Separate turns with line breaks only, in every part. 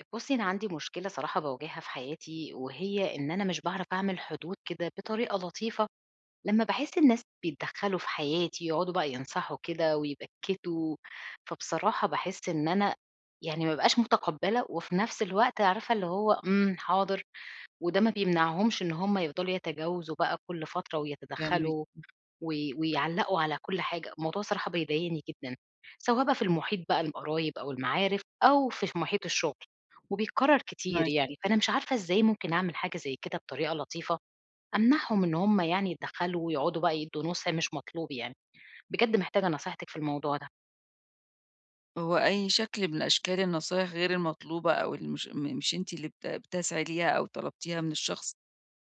أ بُصّي أنا عندي مشكلة صراحة باواجهها في حياتي، وهي إن أنا مش باعرَف أعمل حدود كده بطريقة لطيفة لمّا باحس الناس بيتدخّلوا في حياتي، يقعُدوا بقى ينصَحوا كده ويبكّتوا، فبصراحة باحس إن أنا يعني ما أبقاش متقبِّلة وفي نَفْس الوقت عارفة اللي هو امم، حاضر وده ما بيمنعهمش إن هُم يفضَلوا يتجاوزوا بقى كلّ فترة ويتدخّلوا
[unintelligible]
وي ويعلّقوا على كلّ حاجة، الموضوع الصراحة بيضايقني جدًا، سواء بقى في المُحيط بقى للقرايب أو المعارِف أو في في مُحيط الشُغل وبيتكرّر كتير
معاكِ.
يعني، فأنا مش عارفة إزاي ممكن أعمل حاجة زي كده بطريقة لطيفة أمنَعهم إن هُم يعني يتدخّلوا ويقعُدوا بقى يدّوا نُصح مش مطلوب يعني، بجد محتاجة نصيحتِك في الموضوع ده.
هو أي شكْل من أشكال النصايح غير المطلوبة أو اللي مش م مش أنتِ اللي بت بتسعي ليها أو طلبتيها من الشخص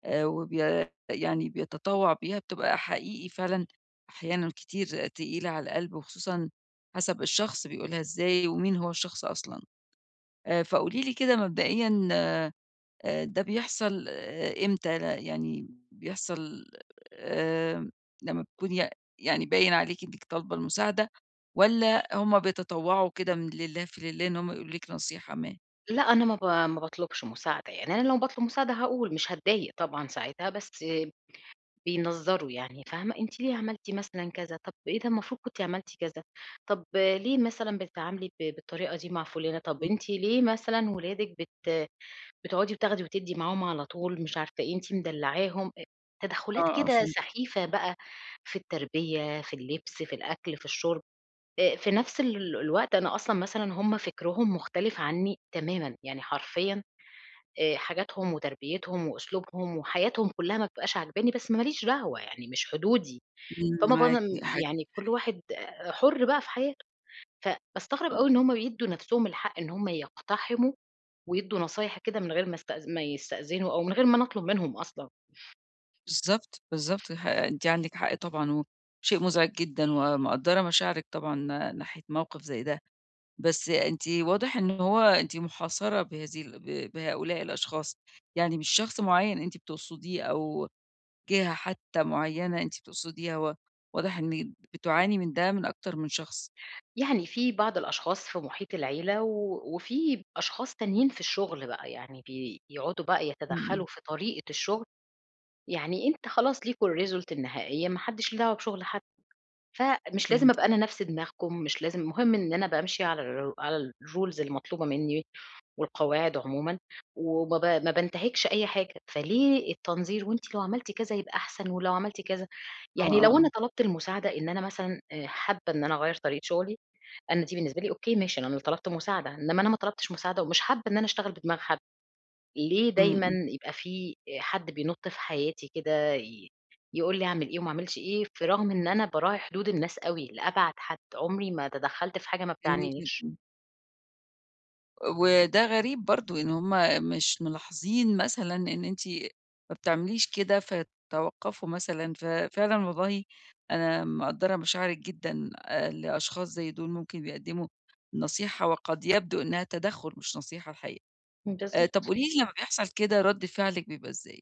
آآ وبيا يعني بيتطوّع بيها، بتبقى حقيقي فعلًا أحيانًا كتير تقيلة على القلْب وخصوصًا حسَب الشخص بيقولها إزاي ومين هو الشخص أصلًا آآ، فقولي لي كده مبدئيًا آآ ده بيحصَل آآ إمتى؟ أنا يعني بيحصَل آمم، لمّا بتكُوني يع يعني باين عليكِ إنِك طالبة المساعدة والّا هُم بيتطوّعوا كده من لله في الله، إن هُم يقولوا لِك نصيحة ما؟
لأ، أنا ما ب ما باطلبش مساعد، يعني أنا لو باطلب مساعدة هاقول، مش هاتضايق طبعًا ساعتها، بس بينظّروا يعني، فاهمة؟ أنتِ ليه عملتِ مثلًا كذا؟ طب إيه ده؟ المفروض كنتِ عملتِ كذا، طب ليه مثلًا بتتعاملي ب بالطريقة دي مع فلانة؟ طب
امم.
أنتِ ليه مثلًا ولادِك بت بتقعدي بتاخدي وتدي معاهم على طول؟ مش عارفة إيه، أنتِ مدلعاهم. آآ
آه،
تدخلات
آه
كده
فهمتِك.
سخيفة بقى في التربية، في اللبس، في الأكل، في الشُرب. آآ في نفس ال الوقت أنا أصلًا مثلًا هُم فكرهم مختلف عني تمامًا، يعني حرفيًا. آآ حاجاتهم وتربيتهم وأسلوبهم وحياتهم كلها ما بتبقاش عاجباني، بس ما ليش دعوة يعني، مش حدودي.
امم
فما ب
معاكِ
يعني كل
[unintelligible]
واحد آآ حُر بقى في حياته. فباستغرب
أو
أوي إن هُم بيدوا نفسهم الحق إن هُم يقتحموا، ويدُوا نصايح كده من غير ما است ما يستأذنوا، أو من غير ما أنا أطلب منهم أصلًا.
بالضبط، بالضبط، ح أنتِ عندِك حق طبعًا وشيء مزعج جدًا ومقدرة مشاعرِك طبعًا ناحية موقف زي ده. بس أنتِ واضح إن هو أنتِ محاصرة بهذه ال ب بهؤلاء الأشخاص، يعني مش شخص معين أنتِ بتقصديه أو جهة حتى معينة أنتِ بتقصديها، و واضح إن بتُعاني من ده من أكتر من شخص.
يعني في بعض الأشخاص في محيط العيلة و وفيه أشخاص تانيين في الشغل بقى يعني بيقعدوا بقى
امم، امم.
يتدخلوا في طريقة الشغل. يعني أنت خلاص ليكم الresult النهائية، ما حدش ليه دعوة بشغل حد. فمش لازم
فهمتِك.
أبقى أنا نفس دماغكم، مش لازم مهم إن أنا بامشي على ال على الrules المطلوبة مني والقواعد عمومًا، وما ب ما بانتهكش أي حاجة. فليه التنظير؟ وأنتِ لو عملتِ كذا هيبقى أحسن، ولو عملتِ كذا
آه،
يعني
آه،
لو أنا
آه.
طلبت المساعدة إن أنا مثلًا آآ حابة إن أنا أغير طريقة شغلي، أنا دي بالنسبة لي أوكي ماشي، أنا طلبت مساعدة. إنما أنا ما طلبتش مساعدة، ومش حابة إن أنا أشتغل بدماغ حد، ليه
امم،
دايمًا
امم.
يبقى في آآ حد بينط في حياتي كده ي يقول لي أعمل إيه وما أعملش إيه، في رغم إن أنا باراعي حدود الناس أوي، لأبعد حد. عمري ما تدخلت في حاجة ما
جميل
بتعنينيش.
جدًا. وده غريب برضو إن هُم مش ملاحظين مثلًا إن أنتِ ما بتعمليش كده، فتوقفوا مثلًا، ففعلًا والله أنا مقدّرة مشاعرِك جدًا آآ لأشخاص زي دُول ممكن بيقدموا نصيحة وقد يبدو إنها تدخٌل مش نصيحة الحقيقة. آآ طَب
بالضبط.
قُولي لي لمّا بيحصل كده رد فعلِك بيبقى إزاي؟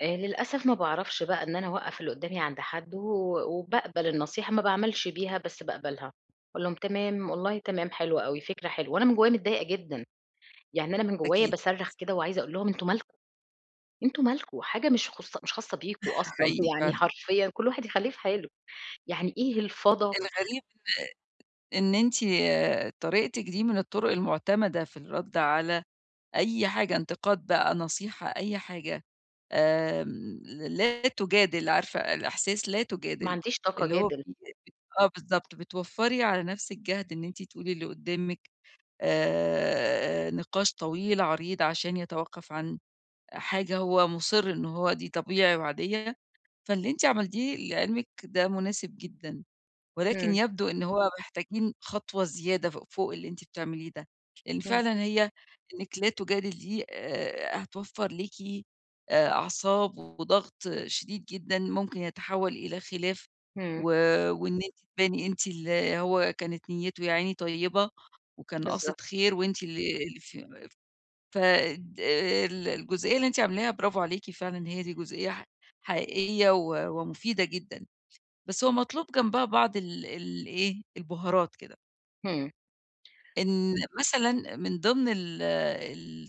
آآ للأسف ما باعرفش بقى إن أنا أوقّف اللي قُدامي عند حدّه و وباقبل النصيحة، ما باعملش بيها، بس باقبلها. أقول لهم تمام، والله تمام، حلو أوي، فكرة حلوة. وأنا من جوايا متضايقة جدًا. يعني أنا من جوايا
أكيد، أكيد
باصَرّخ
صح.
كده وعايزة أقول لهم، "أنتم مالكم؟ أنتم مالكم؟ حاجة مش خص مش خاصّة بيكم أصلًا."
حقيقي
يعني
فعلًا.
حرفيًا كل واحد يخليه في حاله، يعني إيه الفضا
الغريب إن إن أنتِ طريقتِك دي من الطُرق المعتمدة في الرد على أي حاجة انتقاد بقى، نصيحة، أي حاجة، آمم لا تُجادل عارفة الإحساس لا
ما
تُجادل
عنديش طاقة
اللي هو
أجادل.
بي آه بالضبط بتوفّري على نفسِك جهد إن أنتِ تقولي للي قُدّامِك آآ نقاش طويل عريض عشان يتوقّف عن حاجة هو مُصِرّ إن هو دي طبيعي وعادية. فاللي أنتِ عملتيه لعلمِك ده مُناسب جدًا، ولكن
إمم.
يبدو إن هو محتاجين خطوة زيادة ف فوق اللي أنتِ بتعمليه ده، لإن
إمم.
فعلًا هي، إنِك لا تُجادل دي آآ هتوفر ليكِ آآ أعصاب وضغط شديد جدًا ممكن يتحول إلى خلاف و
إمم.
وإن أنتِ تباني أنتِ اللي هو كانت نيّته يا عيني طيّبة، وكان
بالضبط.
قاصد خير، وأنتِ اللي اللي [unintelligible] ف الد ال الجُزئية اللي أنتِ عاملاها برافو عليكِ فعلًا هي دي جُزئية حق حقيقية و ومُفيدة جدًا، بس هو مطلوب جنبها بعض ال الإيه، البُهارات كده.
إمم.
إن مثلًا من ضمن ال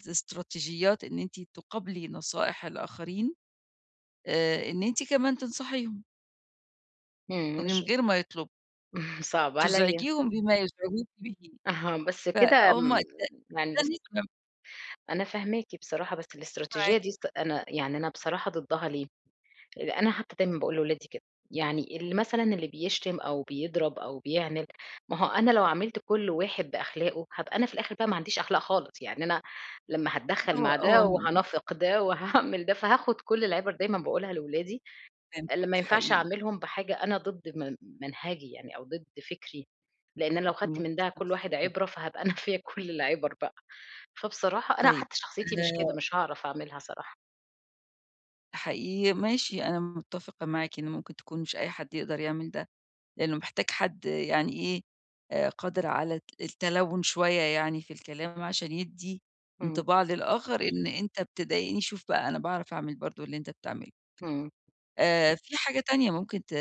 الإستراتيجيات إن أنتِ تُقابلي نصائح الآخرين آآ إن أنتِ كمان تنصحيهم.
إمم،
من
مش
غير ما يطلبوا.
صعب عليّا.
تزعجيهم بما يزعجوكِ بِه.
أها، بس كده
فهُم ده
م [unintelligible]
ده [unintelligible]
أنا فاهماكِ بصراحة، بس
معاكِ.
الاستراتيجية دي صت أنا يعني أنا بصراحة ضدّها ليه؟ أنا حتّى دايمًا باقول لولادي كده. يعني اللي مثلًا اللي بيشتم أو بيضرب أو بيعند، ما هو أنا لو عاملت كل واحد بأخلاقه، هابقى أنا في الآخِر بقى ما عنديش أخلاق خالص. يعني أنا لمّا هاتدخَّل
هو
مع
هو
ده
مش
وهانافق ده وهاعمل ده، فهاخُد كل العِبَر دايمًا باقولها لولادي،
فهمتِك
اللي ما ينفعش
حقيقي.
أعملهم بحاجة أنا ضد م منهجي يعني أو ضد فِكري، لإن أنا لو خدت من ده كل واحد
[unintelligible]
عِبرة، فهابقى أنا فيّا كل العِبَر بقى. فبصراحة أنا
طيب،
حتّى شخصيتي مش كده،
آآ
مش هاعرف أعملها صراحة.
حقيقي، ماشي، أنا متّفقة معاكِ إن ممكن تكون مش أي حد يقدر يعمل ده، لإنّه محتاج حد يعني إيه، آآ قادر على الت التَلوُّن شوية يعني في الكلام عشان يِدّي
إمم.
إنطباع للآخَر إن أنت بتضايقني، شوف بقى أنا باعرف أعمل برضه اللي أنت بتعمله.
إمم.
آآ في حاجة تانية ممكن ت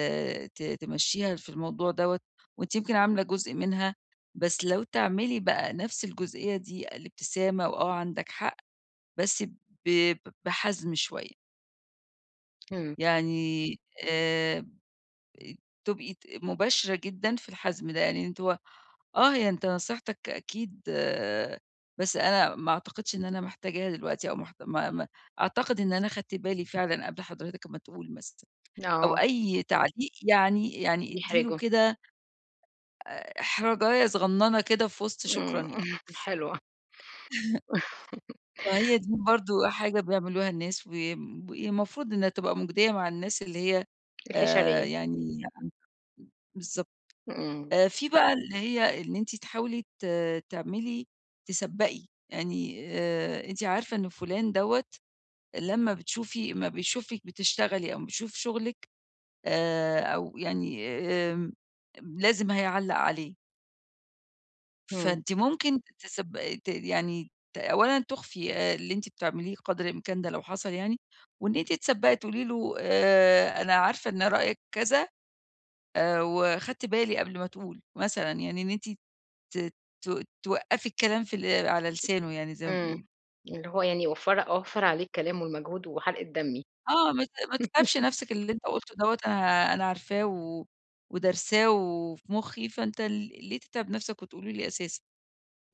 ت تمشّيها في الموضوع دوّة وأنتِ يمكن عاملة جزء منها، بس لو تعملي بقى نَفْس الجزئية دي الابتسامة وآه عندك حق، بس ب ب بحَزْم شوية.
إمم.
يعني آمم تبقي ت مباشرة جدًا في الحَزْم ده. يعني أنتِ هو آه، هي أنت نصيحتك أكيد بس أنا ما أعتقدش إن أنا محتاجها دلوقتي أو محت ما ما أعتقد إن أنا خدت بالي فعلًا قبل حضرتك ما تقول مثلًا أو
آه.
أي تعليق يعني يعني ادّي له
بيحرجه.
كده آآ إحراجاية صغنّنة كده في وِسط شكرًا
إمم،
يعني.
حلوة.
فهي دي برضه حاجة بيعملوها الناس ويم ي هي المفروض إنّها تبقى مُجدية مع الناس اللي هي آآ
الحِشريّة.
يعني [unintelligible] بالضبط.
إمم.
آآ في بقى اللي هي إن أنتِ تحاولي ت تعملي تسبّقي. يعني آآ أنتِ عارفة إن فُلان دوّة لمّا بتشوفي أمّا بيشوفِك بتشتغلي أو أمّا بيشوف شُغلِك آآ أو يعني آمم أم لازم هيعلّق عليه.
إمم.
فأنتِ ممكن تسبق ت يعني ت أولًا تُخفّي آآ اللي أنتِ بتعمليه قدر الإمكان ده لو حصل يعني وإن أنتِ تسبّقي تقولي له آآ أنا عارفة إن رأيِك كذا آآ وخدْت بالي قبل ما تقول، مثلًا يعني إن أنتِ ت ت توقّفي الكلام في اللي على لسانه يعني زي ما
إمم.
بيقولوا.
اللي هو يعني وفّري أوفّر عليه الكلام والمجهود وحرقة دمي.
آه، ما ت ما تتعبش نَفْسك، اللي أنت قُلت له دوّة أنا ها أنا عارفاه و ودارساه و وفي مُخّي، فأنت ل ليه تتعب نَفْسك وتقوله لي أساسًا؟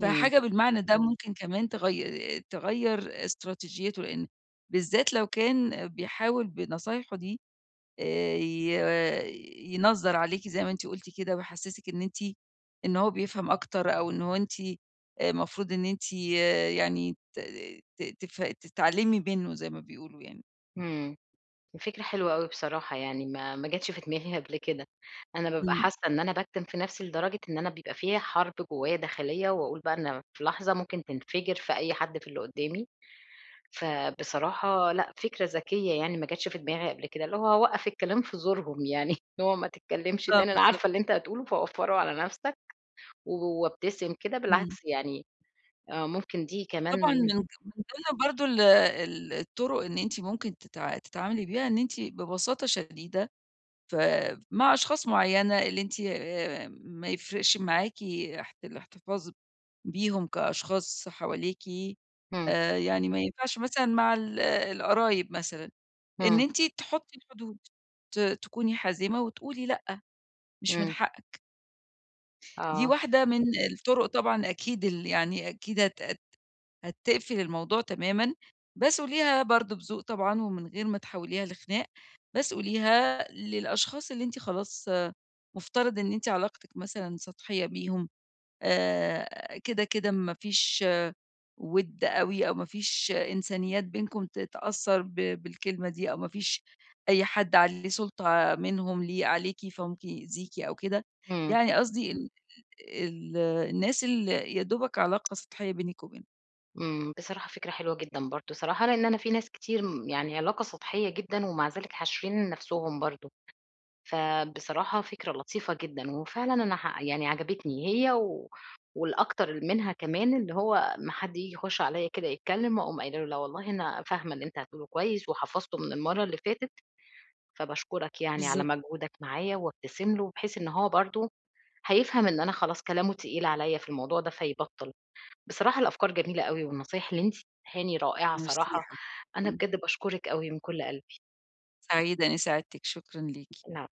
إمم.
فحاجة بالمعنى ده ممكن كمان تغي تغيّر استراتيجيته، لإن بالذات لو كان بيحاول بنصايحه دي آآ ي ينظّر عليكِ زي ما أنتِ قُلتِ كده ويحسّسِك إن أنتِ إن هو بيفهم أكتر أو إن هو أنتِ آآ مفروض إن أنتِ يا يعني ت ت تف تتعلِّمي منّه زي ما بيقولوا يعني.
امم. الفكرة حلوة أوي بصراحة يعني ما ما جاتش في دماغي قبل كده. أنا بابقى
امم.
حاسة إن أنا باكتم في نفسي لدرجة إن أنا بيبقى فيّا حرب جوايا داخلية، وأقول بقى إن أنا في لحظة ممكن تنفجر في أي حد في اللي قدامي. فبصراحة لأ، فكرة ذكية يعني ما جاتش في دماغي قبل كده، اللي هو أوقف الكلام في زورهم يعني، إن هو ما تتكلمش،
آه،
تاني أنا
بالضبط.
عارفة اللي أنت هتقوله فوفره على نفسك، وابتسم كده،
امم.
بالعكس يعني، آه ممكن دي
طبعًا
كمان
من من ضمن برضه ال ال الطُرُق إن أنتِ ممكن تتع تتعاملي بيها، إن أنتِ ببساطة شديدة ف مع أشخاص معينة، اللي أنتِ آآ ما يفرقش معاكِ اح الاحتفاظ بيهم كأشخاص حواليكِ،
امم.
آآ يعني ما ينفعش مثلًا مع ال القرايب مثلًا، إن
امم.
أنتِ تحطي الحدود، ت تكوني حازمة، وتقولي لأ، مش من
امم.
حقك. دي
آه.
واحدة من الطُرُق طبعًا. أكيد ال يعني أكيد هت هت هتقفل الموضوع تمامًا، بس قوليها برضه بذوق طبعًا، ومن غير ما تحوليها لخناق. بس قوليها للأشخاص اللي أنتِ خلاص مفترض إن إنتِ علاقتِك مثلًا سطحية بيهم، آآ كده كده ما فيش ودّ أوي، أو ما فيش إنسانيات بينكم ت تأثر ب بالكلمة دي، أو ما فيش أي حد عليه سُلطة منهم ليه عليكِ، فممكن يؤذيكِ أو كده.
امم.
يعني قصدي ال ال الناس ال يا دوبك علاقة سطحية بينِِك وبينهم.
امم، بصراحة فكرة حلوة جدًا برضو صراحة، لإن أنا في ناس كتير م يعني علاقة سطحية جدًا، ومع ذلك حاشرين نفسهم برضو. فبصراحة فكرة لطيفة جدًا، وفعلاً أنا ح يعني عجبتني هي، و والأكتر منها كمان اللي هو أما حد ييجي يخش عليّا كده يتكلم، أقوم قايلة له لا والله أنا فاهمة اللي أنت هتقوله كويس، وحفظته من المرّة اللي فاتت، فباشكرك يعني على
بالضبط.
مجهودك معايا. وابتسم له، بحيث إن هو برضو هيفهم إن أنا خلاص كلامه تقيل عليّا في الموضوع ده، فيبطل. بصراحة الأفكار جميلة أوي، والنصايح اللي أنتِ اديتيهاني رائعة
ميرسي يا
الصراحة، أنا
حبيبتي.
بجد باشكرِك أوي من كل قلبي.
سعيدة إني ساعدتِك، شكرًا ليكِ.
العفو.